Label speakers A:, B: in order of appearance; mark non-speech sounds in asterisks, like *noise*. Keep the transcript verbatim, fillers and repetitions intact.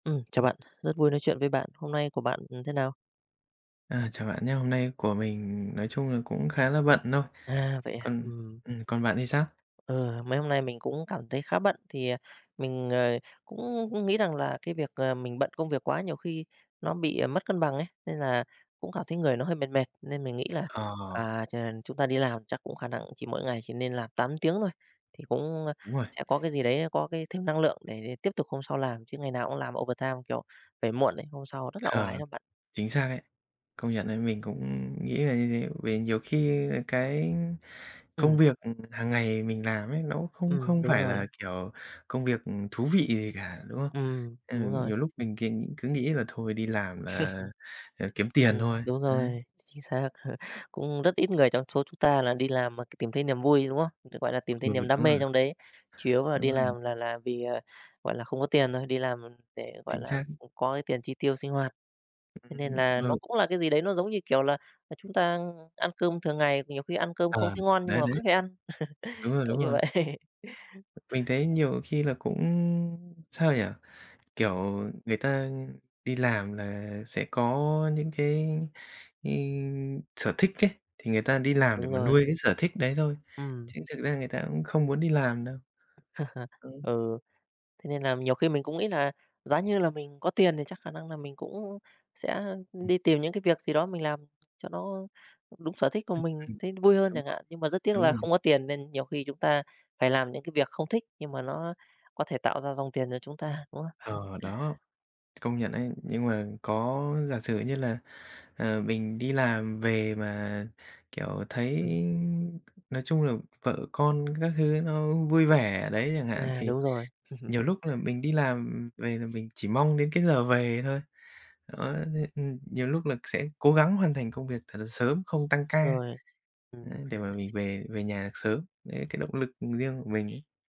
A: Ừm, chào bạn, rất vui nói chuyện với bạn, hôm nay của bạn, ừm, thế nào?
B: À, chào bạn nhá, hôm nay của mình nói chung là cũng khá là bận thôi,
A: À, vậy à?
B: còn,
A: Ừm.
B: ừm, còn bạn thì sao?
A: Ừ, mấy hôm nay mình cũng cảm thấy khá bận. Thì, ờ, mình, ờ, cũng nghĩ rằng là cái việc, ờ, mình bận công việc quá nhiều khi nó bị, ờ, mất cân bằng ấy, nên là cũng cảm thấy người nó hơi mệt mệt, nên mình nghĩ là,
B: Ờ.
A: à, ch chúng ta đi làm chắc cũng khả năng cũng chỉ mỗi ngày chỉ nên làm tám tiếng thôi, thì cũng, ơ,
B: Đúng rồi.
A: sẽ có cái gì đấy nó có cái thêm năng lượng để tiếp tục hôm sau làm, chứ ngày nào cũng làm overtime, kiểu, về muộn ấy, hôm sau rất là oải
B: Ờ,
A: đó bạn.
B: chính xác ấy. Công nhận ấy, mình cũng nghĩ là như thế, vì nhiều khi, à, cái công
A: Ừm.
B: việc, ừm, hằng ngày mình làm ấy, nó cũng không
A: Ừm,
B: không
A: đúng
B: phải là,
A: rồi.
B: kiểu, công việc, ừm, thú vị gì cả, đúng không?
A: Ừm,
B: Ừ,
A: đúng rồi.
B: nhiều lúc mình c cứ nghĩ là thôi đi làm là, à,
A: *chuckles*
B: kiếm tiền
A: Ừm,
B: thôi,
A: đúng
B: ấy.
A: rồi, ch chính xác. *chuckles* Cũng rất ít người trong số chúng ta là đi làm, ờ, c tìm thấy niềm vui, đúng không? Ừ, gọi là, tìm thấy
B: Ừ, đúng
A: niềm đam mê
B: rồi.
A: trong đấy, chủ yếu là
B: Đúng
A: đi
B: rồi.
A: làm là là vì, ờ, gọi là, không có tiền thôi, đi làm để, gọi
B: Chính
A: là,
B: xác.
A: ừm, có cái tiền chi tiêu sinh hoạt. Thế nên là nó
B: *unintelligible*
A: cũng là cái gì đấy nó giống như, kiểu, là, à, chúng ta ăn cơm thường ngày thì nhiều khi ăn cơm không
B: À,
A: thấy ngon, nhưng mà
B: đấy, đấy!
A: vẫn phải ăn,
B: Đúng
A: *chuckles*
B: rồi,
A: kiểu
B: đúng
A: như
B: rồi.
A: vậy. *chuckles*
B: Mình thấy nhiều khi là cũng, sao nhỉ, kiểu, người ta đi làm là sẽ có những cái cái, sở thích ấy, thì người ta đi làm để
A: Đúng
B: mà
A: rồi.
B: nuôi cái sở thích đấy thôi,
A: Ừm.
B: chứ thực ra người ta cũng không muốn đi làm đâu.
A: *chuckles* Ừ, thế nên là nhiều khi mình cũng nghĩ là giá như là mình có tiền thì chắc khả năng là mình cũng sẽ, ưm, đi tìm những cái việc gì đó mình làm cho nó đúng sở thích của
B: Ừm,
A: mình,
B: ừm.
A: thấy vui hơn
B: Đúng
A: chẳng
B: rồi,
A: hạn, nhưng mà rất tiếc
B: đúng
A: là
B: rồi.
A: không có tiền nên nhiều khi chúng ta phải làm những cái việc không thích, nhưng mà nó có thể tạo ra dòng tiền cho chúng ta, đúng không? *chuckles*
B: Ờ, đó, công nhận ấy. Nhưng mà có giả sử như là, ờ, mình đi làm về mà, kiểu, thấy, nói chung là, vợ con các thứ nó vui vẻ ở đấy chẳng hạn,
A: À,
B: thì
A: đúng rồi. *chuckles*
B: nhiều lúc là mình đi làm, ừm, về là mình chỉ mong đến cái giờ về thôi. Đó, thế ừm, nhiều lúc là sẽ cố gắng hoàn thành công việc thật là sớm, không tăng ca,
A: Rồi,
B: đấy,
A: ừm.
B: để mà mình về về nhà được sớm, đấy, cái động lực riêng của mình ấy.